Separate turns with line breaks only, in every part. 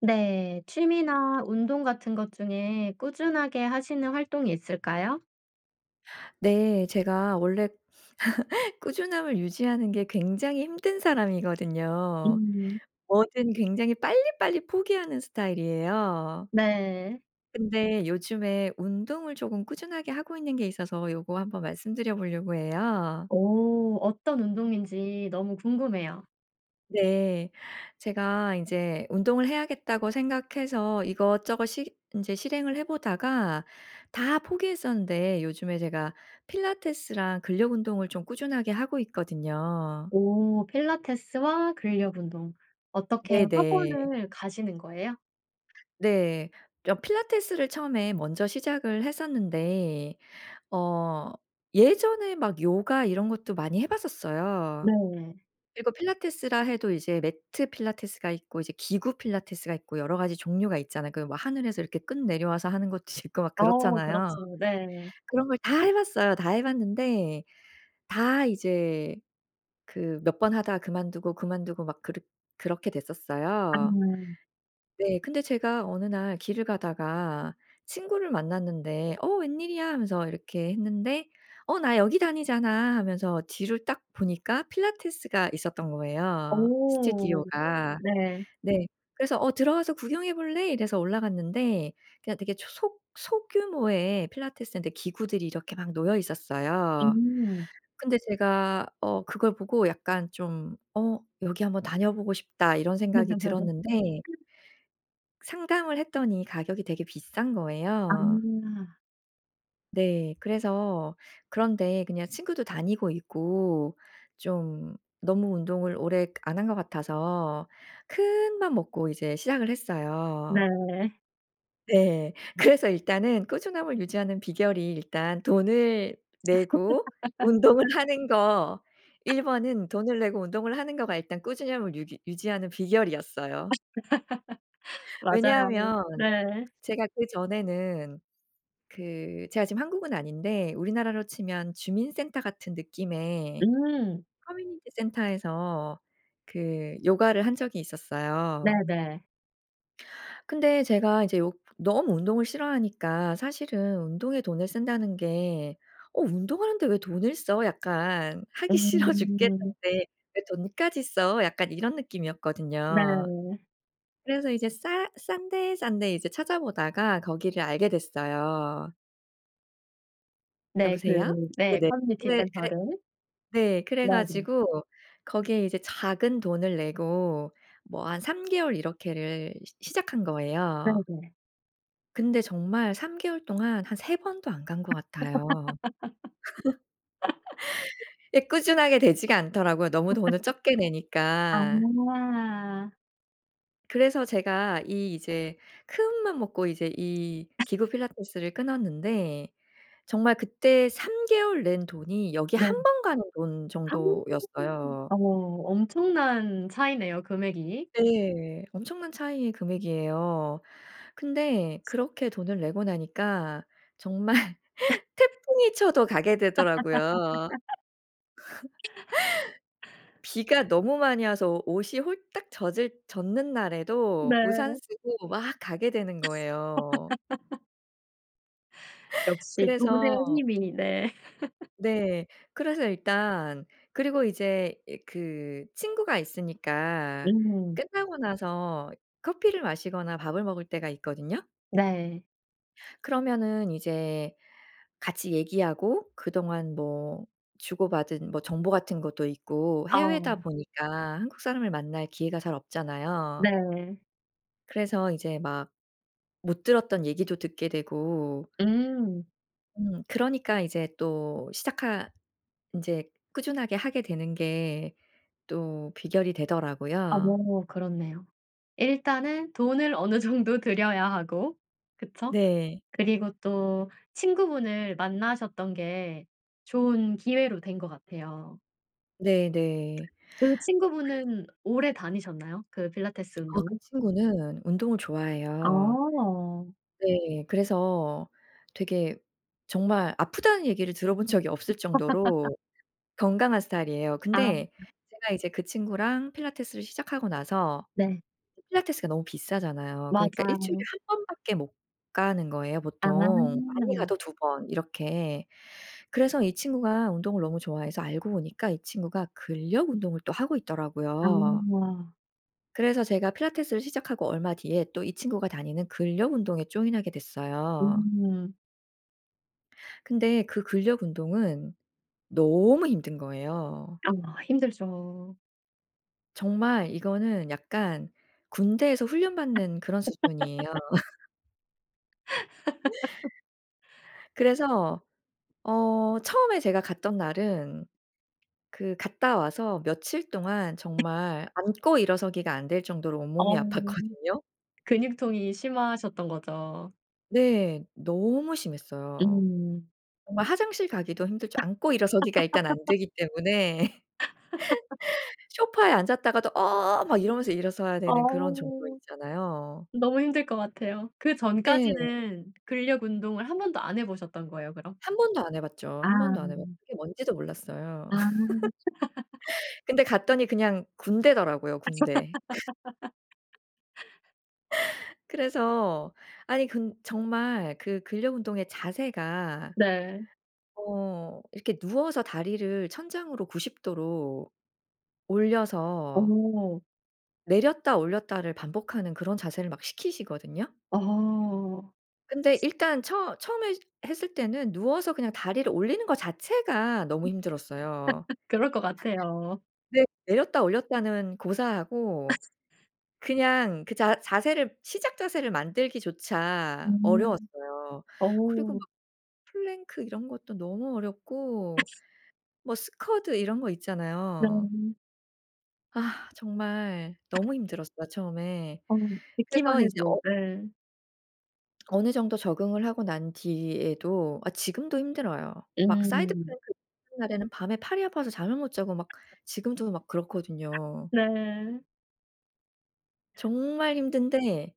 네. 취미나 운동 같은 것 중에 꾸준하게 하시는 활동이 있을까요?
네. 제가 원래 꾸준함을 유지하는 게 굉장히 힘든 사람이거든요.
음.
뭐든 굉장히 빨리빨리 포기하는 스타일이에요.
네.
근데 요즘에 운동을 쪼금 꾸준하게 하고 있는 게 있어서 요거 한번 말씀드려 보려고 해요.
오. 어떤 운동인지 너무 궁금해요.
네. 제가 인제 운동을 해야겠다고 생각해서 이것저것 시 인제 실행을 해 보다가 다 포기했었는데 요즘에 제가 필라테스랑 근력 운동을 좀 꾸준하게 하고 있거든요.
오. 필라테스와 근력 운동. 어떻게
네네.
학원을 가시는 거예요?
네. 려 필라테스를 처음에 먼저 시작을 했었는데 어 예전에 막 요가 이런 것도 많이 해 봤었어요.
네.
그리고 필라테스라 해도 이제 매트 필라테스가 있고 이제 기구 필라테스가 있고 여러 가지 종류가 있잖아요. 그 뭐 하늘에서 이렇게 끈 내려와서 하는 것도 있고 막
어.
그렇잖아요.
그렇습니 네.
그런 걸 다 해 봤어요. 다 해 봤는데 다 이제 그 몇 번 하다 그만두고, 그만두고 막 그렇 그렇게 됐었어요.
음.
네. 근데 제가 어느 날 길을 가다가 친구를 만났는데 어 "웬일이야?" 하면서 이렇게 했는데 어 "나 여기 다니잖아." 하면서 뒤를 딱 보니까 필라테스가 있었던 거예요,
어.
스튜디오가.
네.
네. 그래서 "어 들어와서 구경해 볼래?" 이래서 올라갔는데 그냥 되게 초속 소규모의 필라테스인데 기구들이 이렇게 막 놓여 있었어요.
음.
근데 제가 어 그걸 보고 약간 좀 '어 여기 한번 다녀보고 싶다.' 이런 생각이 들었는데 상담을 했더니 가격이 되게 비싼 거예요.
아.
네. 그래서 그런 데에 그냥 친구도 다니고 있고 좀 너무 운동을 오래 그 안 한 것 같아서 큰맘 먹고 이제 시작을 했어요.
네.
네. 그래서 일단은 꾸준함을 유지하는 비결이 일단 돈을 내고 운동을 하는 거 1 번은 돈을 내고 운동을 하는 거가 일단 꾸준함을 유기 유지하는 비결이었어요.
맞아요.
왜냐하면
네.
제가 그전에는 그 제가 지금 한국은 아닌데 우리나라로 치면 주민 센터 같은 느낌의
음.
커뮤니티 센터에서 그 요가를 한 적이 있었어요.
네네.
근데 제가 이제 요 너무 운동을 싫어하니까 사실은 운동에 돈을 쓴다는 게 '어 운동을 하는데 왜 돈을 써?' 약간 '하기 싫어
음.
죽겠는데 왜 돈까지 써?' 약간 이런 느낌이었거든요.
네.
그래서 이제 싸 싼 데, 싼 데 이제 찾아 보다가 거기를 알게 됐어요.
네 그
여보세요?
네
네네.
커뮤니티
네 그래
센터를
네 그래
[unintelligible]
가지고 거기에 이제 작은 돈을 내고 뭐 한 3 개월 이렇게를 시 시작한 거에요.
네네.
근데 정말 3 개월 동안 한 3 번도 안 간 것 같아요. 예 꾸준하게 되지가 않더라고요 너무 돈을 적게 내니까.
아.
그래서 제가 이 이제 큰맘 먹고 이제 이 기구 필라테스를 끊었는데 정말 그때 3 개월 낸 돈이 여기
네.
1 번 가는 돈 정도였어요.
어 엄청난 차이네요 금액이.
네. 엄청난 차이의 금액이에요. 근데 그렇게 돈을 내고 나니까 정말 태풍이 쳐도 가게 되더라고요. 비가 너무 많이 와서 오 옷이 홀딱 젖을 젖는
네.
날에도 우산 쓰고 막 가게 되는 거예요.
역시
그래서
돈의 힘이 네.
네. 그래서 일단 그리고 이제 이 그 친구가 있으니까
음.
끝나고 나서 커피를 마시거나 밥을 먹을 때가 있거든요?
네.
그러면은 이제 같이 얘기하고 그동안 뭐 주고받은 뭐 정보 같은 것도 있고 해외다
아.
보니까 한국 사람을 만날 기회가 잘 없잖아요.
네.
그래서 이제 막 못 들었던 얘기도 듣게 되고
음.
음. 그러니까 이제 또 시작하 인제 꾸준하게 하게 되는 게 또 비결이 되더라고요.
어. 그렇네요. 일단은 돈을 어느 정도 들여야 하고. 그쵸?
네.
그리고 또 친구분을 만나셨던 게 좋은 기회로 된 것 같아요.
네네.
그
그
친구분은 오래 다니셨나요? 그 필라테스
아 그
운동은?
친구는 운동을 좋아해요.
아.
네. 그래서 되게 정말 "아프다."는 얘기를 들어본 적이 없을 정도로 건강한 스타일이에요.
아.
근데 제가 이제 그 친구랑 필라테스를 시작하고 나서
네.
그 필라테스가 너무 비싸잖아요. 그러니까 1 주일에
맞아요.
1 번밖에 못 가는 거예요
아.
보통. 많이 가도 2 번 이렇게. 그래서 이 친구가 운동을 너무 좋아해서 알고 보니까 이 친구가 근력 운동을 또 하고 있더라고요.
아.
그래서 제가 필라테스를 시작하고 얼마 뒤에 또 이 친구가 다니는 근력 운동에 join하게 됐어요.
음.
근데 그 근력 운동은 너무 힘든 거예요.
아 힘들죠.
정말 이거는 약간 군대에서 훈련받는 그런 수준이에요. 그래서 어 처음에 제가 갔던 날은 그 갔다 와서 며칠 동안 정말 앉고 일어서기가 안될 정도로
어.
온몸이 아팠거든요?
근육통이 심하셨던 거죠.
네. 너무 심했어요.
음.
정말 화장실 가기도 힘들 정 앉고 일어서기가 일단 안되기 때문에 소파에 앉았다가도 “어어어!“ 막 이러면서 일어서야 되는 그런 정도
아우.
있잖아요.
너무 힘들 것 같아요.
네.
그전까지는 근력 운동을 1 번도 안 해 보셨던 거예요 그럼?
한번도 안 해 봤죠.
아.
한번도 안 해 봤고 그게 뭔지도 몰랐어요.
아.
근데 갔더니 그냥 군대더라고요 군대. 그래서 아니 근 정말 그 근력 운동의 자세가
네.
어 이렇게 누워서 다리를 천장으로 90 도로 올려서
어.
내렸다 올렸다를 반복하는 그런 자세를 막 시키시거든요.
아.
근데 일단 처 처음에 했을 때는 누워서 그냥 다리를 올리는 것 자체가 너무 힘들었어요.
그럴 것 같아요.
네. 내렸다 올렸다는 고사하고 그냥 그 자 자세를 시작 자세를 만들기조차
음.
어려웠어요. 그리고 막
어.
플랭크 이런 것도 너무 어렵고 뭐 스쿼드 이런 거 있잖아요.
네.
아. 정말 너무 힘들었어요 처음에.
어.
그래서
듣기만
이제
해도
어
네.
어느 정도 적응을 하고 난 뒤에도 아 지금도 힘들어요. 막 사이드
음.
플랭크를 하는 날에는 밤에 팔이 아파서 잠을 못 자고 막 지금도 막 그렇거든요.
네.
정말 힘든데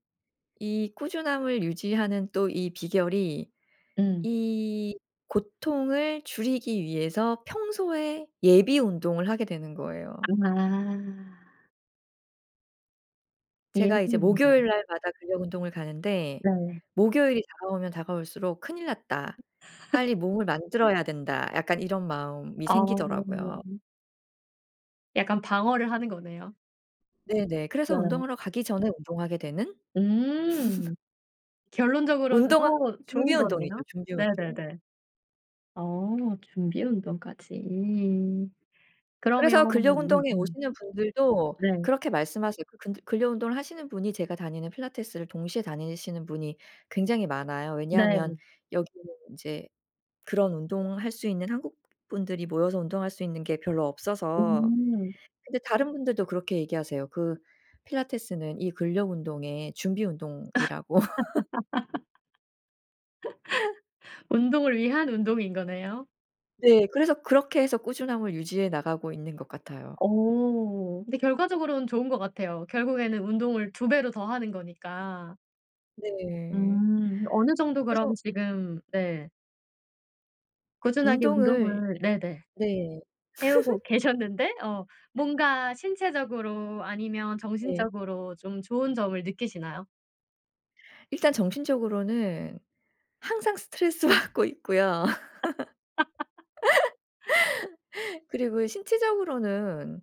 이 꾸준함을 유지하는 또 이 비결이
음.
이 고통을 줄이기 위해서 평소에 예비 운동을 하게 되는 거예요.
아.
제가 이제 목요일
[unintelligible]
날마다 근력 운동을 가는데
네.
목요일이 다가오면 다가올수록 '큰일 났다. 빨리 몸을 만들어야 된다.' 약간 이런 마음이
아.
생기더라고요.
약간 방어를 하는 거네요.
네네. 그래서
네.
운동하러 가기 전에 운동하게 되는?
음. 결론적으로는
운동은
더
준비
좋은
운동이죠
거네요.
준비 운동.
네네네. 어 준비 운동까지. 그러면
그래서 근력 운동에
[unintelligible]
오시는 분들도
네.
그렇게 말씀하세요. 그 근들 근력 운동을 하시는 분이 제가 다니는 필라테스를 동시에 다니시는 분이 굉장히 많아요. 왜냐하면
네.
여기는 인제 그런 운동할 수 있는 한국 분들이 모여서 운동할 수 있는 게 별로 없어서.
음.
근데 다른 분들도 그렇게 얘기하세요. 그 "필라테스는 이 근력 운동의 준비 운동이라고."
운동을 위한 운동인 거네요.
네. 그래서 그렇게 해서 꾸준함을 유지해 나가고 있는 것 같아요.
어. 근데 결과적으로는 좋은 것 같아요. 결국에는 운동을 2 배로 더 하는 거니까.
네.
음. 어느 정도 그럼
그래서
지금 네. 꾸준하게
운동을
운동을 네네,
네.
해 오고 계셨는데 어 뭔가 신체적으로 아니면
네.
정신적으로 좀 좋은 점을 느끼시나요?
일단 정신적으로는 항상 스트레스받고 있고요. 그리고 신체적으로는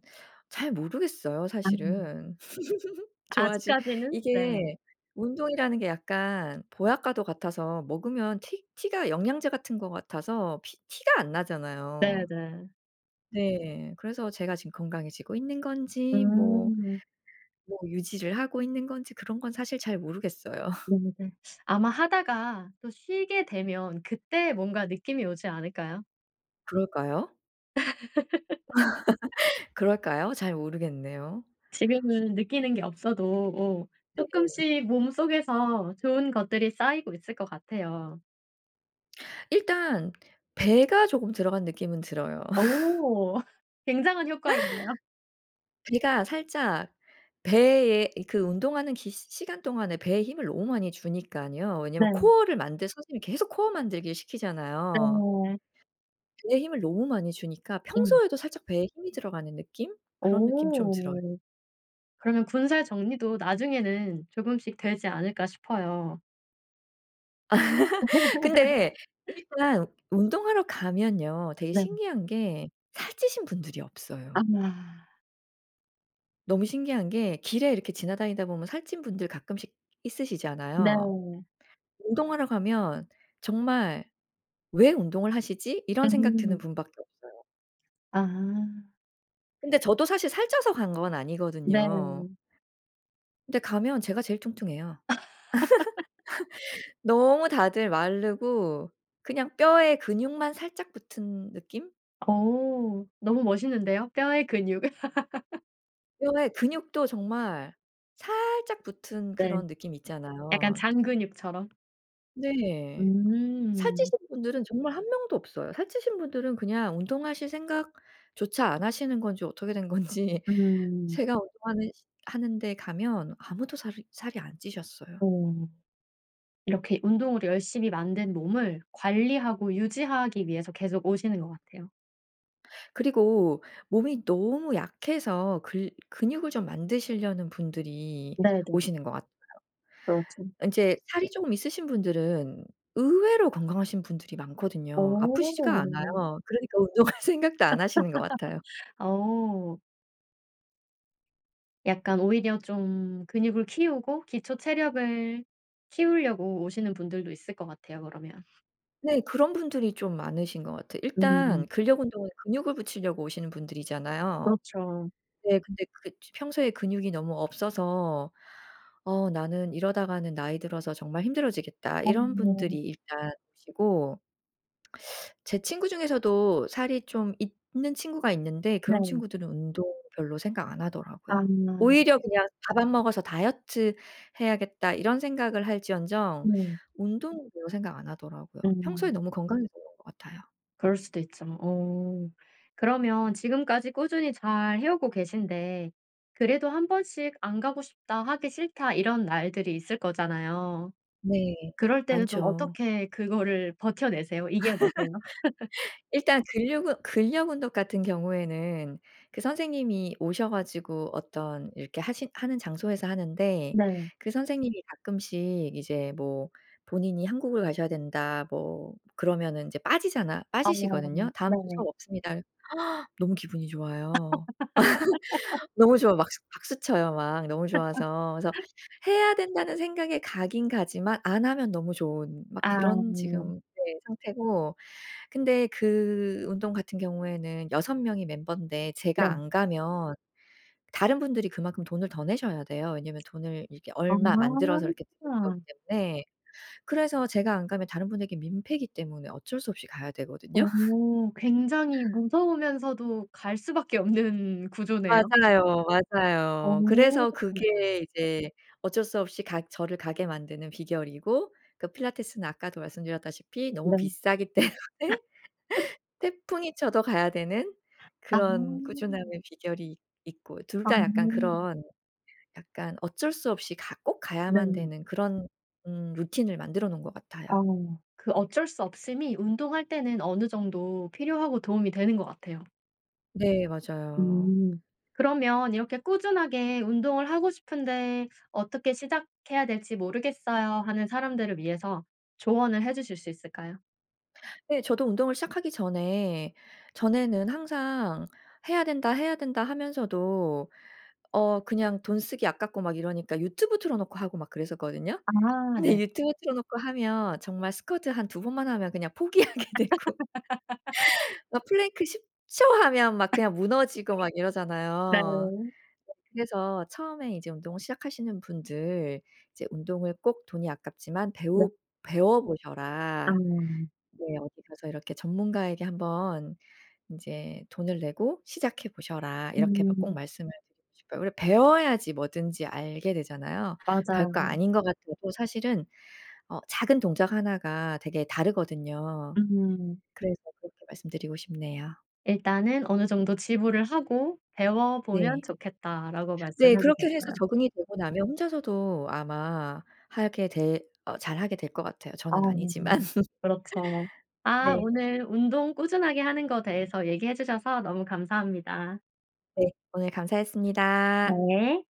잘 모르겠어요,
음.
사실은. 좋아지
아직까지는? 네.
이게 운동이라는 게 약간 보약과도 같아서 먹으면 티 티가 영양제 같은 것 같아서 피 티가 안 나잖아요.
네네.
네. 그래서 제가 지금 건강해지고 있는 건지 뭐
음.
뭐 유지를 하고 있는 건지 그런 건 사실 잘 모르겠어요.
음 네. 아마 하다가 또 쉬게 되면 그때 뭔가 느낌이 오지 않을까요?
그럴까요? 그럴까요? 잘 모르겠네요.
지금은 느끼는 게 없어도 오
네.
쪼끔씩 몸속에서 좋은 것들이 쌓이고 있을 것 같아요.
일단 배가 조금 들어간 느낌은 들어요.
어. 굉장한 효과인데요?
배가 살짝 배에 이 그 운동하는 기 시 시간 동안에 배에 힘을 너무 많이 주니깐요. 왜냐하면
네.
코어를 만들 선생님이 계속 코어 만들기를 시키잖아요.
네.
배에 힘을 너무 많이 주니까
음.
평소에도 살짝 배에 힘이 들어가는 느낌? 그런 느낌 좀 들어요.
어. 그러면 ‘군살 정리도 나중에는 조금씩 되지 않을까.‘ 싶어요.
근데 일단 운동하러 가면요. 되게
네.
신기한 게 살찌신 분들이 없어요.
아마
너무 신기한 게 길에 이렇게 지나다니다 보면 살찐 분들 가끔씩 있으시잖아요.
네.
운동하러 가면 정말 ‘왜 운동을 하시지?‘ 이런 생각 드는
음.
분밖에 없어요.
아.
근데 저도 사실 살쪄서 간 건 아니거든요.
네.
근데 가면 제가 제일 뚱뚱해요. 너무 다들 마르고 그냥 뼈에 근육만 살짝 붙은 느낌?
어. 너무 멋있는데요? 뼈에 근육을.
뼈에 근육도 정말 살짝 붙은
네.
그런 느낌
약간
있잖아요.
잔근육처럼?
네.
음.
살찌신 분들은 정말 1 명도 없어요. 살찌신 분들은 그냥 운동하실 생각조차 안 하시는 건지 어떻게 된 건지
음.
제가 운동하는 시 하는 데 가면 아무도 살이 살이 안 찌셨어요.
어. 이렇게 운동으로 열심히 만든 몸을 관리하고 유지하기 위해서 계속 오시는 것 같아요.
그리고 몸이 너무 약해서 글 근육을 좀 만드시려는 분들이
네네.
오시는 것 같아요.
그렇죠.
인제 살이 쪼금 있으신 분들은 의외로 건강하신 분들이 많거든요. 아프시지가 않아요.
어.
그러니까 운동할 생각도 안 하시는 것 같아요.
어. 약간 오히려 좀 근육을 키우고 기초 체력을 키우려고 오시는 분들도 있을 것 같아요 그러면.
네. 그런 분들이 좀 많으신 것 같아요.
음.
일단 근력 운동은 근육을 붙이려고 오시는 분들이잖아요.
그렇죠.
네. 근데 그게 쯔 평소에 근육이 너무 없어서 "어. 나는 이러다가는 나이 들어서 정말 힘들어지겠다." 이런 분들이
어.
일단 오시고 제 친구 중에서도 살이 좀 있는 친구가 있는데 그런
네.
친구들은 운동 별로 생각 안 하더라고요.
아.
오히려 그냥 '밥 안 먹어서 다이어트 해야겠다.' 이런 생각을 할지언정
음.
운동은 별로 생각 안 하더라고요. 평소에
음.
너무 건강해서 그런 것 같아요.
그럴 수도 있죠. 어. 그러면 지금까지 꾸준히 잘 해 오고 계신데 그래도 '1 번씩 안 가고 싶다. 하기 싫다.' 이런 날들이 있을 거잖아요.
네.
그럴 때는 좀
많죠.
어떻게 그거를 버텨 내세요? 이겨 내세요?
일단 근력 운 근력 운동 같은 경우에는 그 선생님이 오셔 가지고 어떤 이렇게 하시 하는 장소에서 하는데
네.
그 선생님이 가끔씩 이제 뭐 본인이 한국을 가셔야 된다 뭐 그러면은 이제 빠지잖아
아.
빠지시거든요. "다음 주
네.
수업 없습니다." 너무 기분이 좋아요. 너무 좋아. 막수 박수 쳐요 막 너무 좋아서. 그래서 '해야 된다.'는 생각에 가긴 가지만 안 하면 너무 좋은 막 그런
아.
지금 네, 상태고 근데 그 운동 같은 경우에는 6 명이 멤버인데
네.
제가 안 가면 다른 분들이 그만큼 돈을 더 내셔야 돼요. 왜냐하면 돈을 이렇게 얼마 만들어서 이렇게 듣는 거기
아.
때문에. 그래서 제가 안 가면 다른 분들께 민폐이기 때문에 어쩔 수 없이 가야 되거든요.
어. 굉장히 무서우면서도 갈 수밖에 없는 구조네요.
맞아요,
어.
맞아요. 그래서 그게 이제 어쩔 수 없이 가 저를 가게 만드는 비결이고 그 필라테스는 아까도 말씀드렸다시피 너무
네.
비싸기 때문에 태풍이 쳐도 가야 되는
아.
그런 꾸준함의 비결이 있 있고 둘
아.
다 약간 그런 약간 어쩔 수 없이 가 꼭 가야만
네.
되는 그런 음 루틴을 만들어 놓은 것 같아요.
어. 그 어쩔 수 없음이 운동할 때는 어느 정도 필요하고 도움이 되는 것 같아요.
네 맞아요.
음. 그러면 이렇게 '꾸준하게 운동을 하고 싶은데 어떻게 시작해야 될지 모르겠어요.' 하는 사람들을 위해서 조언을 해주실 수 있을까요?
네 저도 운동을 시작하기 전에 전에는 항상 '해야 된다. 해야 된다.' 하면서도 어 그냥 돈 쓰기 아깝고 막 이러니까 유튜브 틀어놓고 하고 막 그랬었거든요.
아
근데
네.
유튜브 틀어놓고 하면 정말 스쿼트 한 2 번만 하면 그냥 포기하게 되고. 막 플랭크 10 초 하면 막 그냥 무너지고 막
네.
이러잖아요. 그래서 처음에 이제 운동을 시작하시는 분들 이제 '운동을 꼭 돈이 아깝지만
네.
배우 배워보셔라.'
아.
네 '어디 가서 이렇게 전문가에게 한번 인제 돈을 내고 시작해 보셔라.' 이렇게 마 꼭
음.
말씀을 드리고 싶어요. 우리가 배워야지 뭐든지 알게 되잖아요.
맞아요.
별거 아닌 거 같아도 사실은 어 작은 동작 하나가 되게 다르거든요.
음.
그래서 그렇게 말씀드리고 싶네요.
"일단은 어느 정도 지불을 하고 배워보면
네.
좋겠다."라고
네
말씀해
그렇게 해서
주셨어요.
적응이 되고 나면 혼자서도 아마 하게 될 어 잘 하게 될 것 같아요.
아
저는 아니지만.
그렇죠. 아
네.
오늘 운동 꾸준하게 하는 거 대해서 얘기해 주셔서 너무 감사합니다.
네. 오늘 감사했습니다.
네.